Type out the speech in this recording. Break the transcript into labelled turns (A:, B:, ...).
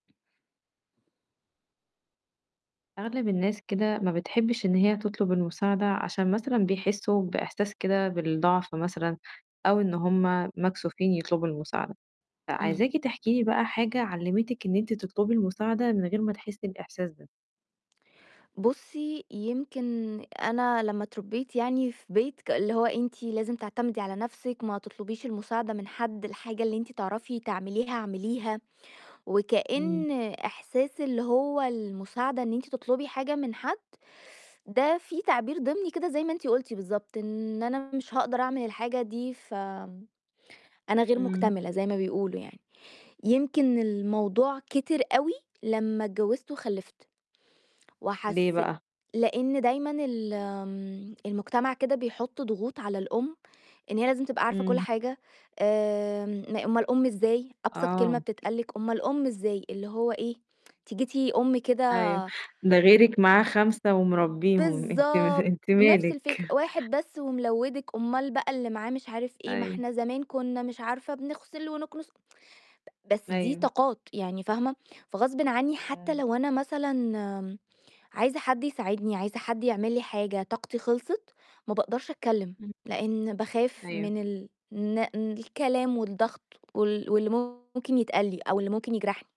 A: أغلب الناس كده ما بتحبش إن هي تطلب المساعدة، عشان مثلًا بيحسوا بإحساس كده بالضعف مثلًا أو إن هُم مكسوفين يطلبوا المساعد
B: إمم.
A: فعايزاكِ تحكي لي بقى حاجة علِّمتِك إن أنتِ تطلبي المساعدة من غير ما تحسي الإحساس ده؟
B: بُصّي، يمكن أنا لمّا اتربيت يعني في بيت ك اللي هو أنتِ لازم تعتمدي على نَفْسِك، ما تطلبيش المساعدة من حد، الحاجة اللي أنتِ تعرفي تعمليها اعمليها،
A: إمم.
B: وكأن إحساس اللي هو المساعدة إن أنتِ تطلبي حاجة من حد، ده في تعبير ضمني كده زي ما أنتِ قُلتِ بالضبط، إن أنا مش هاقدر أعمل الحاجة، دي فآمم أنا غير
A: إمم.
B: مكتملة زي ما بيقولوا يعني. يمكن الموضوع كتر أوي لمّا اتجوزت وخلِفت،
A: ليه
B: وحسي
A: بقى؟
B: لأن دايمًا ال آمم المجتمع كده بيحط ضغوط على الأم، إن هي لازم تبقى عارفة كُلّ
A: إمم.
B: حاجة آمم م أومال أُم إزاي؟! أبسط كلمة
A: آه.
B: بتتقال لِك: "أومال أُم إزاي؟!" اللي هو إيه، أنتِ جيتِ أُم كده
A: أيوه، ده غيرِك معاه 5 ومربّيهم أنتِ م
B: بالضبط،
A: أنتِ
B: نَفْس الفكرة:
A: مالِك؟
B: "واحد بس وملوّدِك، أومال بقى اللي معاه مش عارف إيه، ما
A: أيوه.
B: إحنا زمان كنا مش عارفة بنغسل ونكنس." ب بس دي
A: أيوه.
B: طاقات، يعني فاهمة، فغصبٍ عني حتى
A: إمم.
B: لو أنا مثلًا عايزة حد يساعدني، عايزة حد يعمل لي حاجة، طاقتي خلصت، ما باقدرش أتكلم
A: إمم.
B: لإن باخاف
A: أيوه.
B: من ال الن الكلام والضغط وال واللي ممكن يتقال لي أو اللي ممكن يجرحني.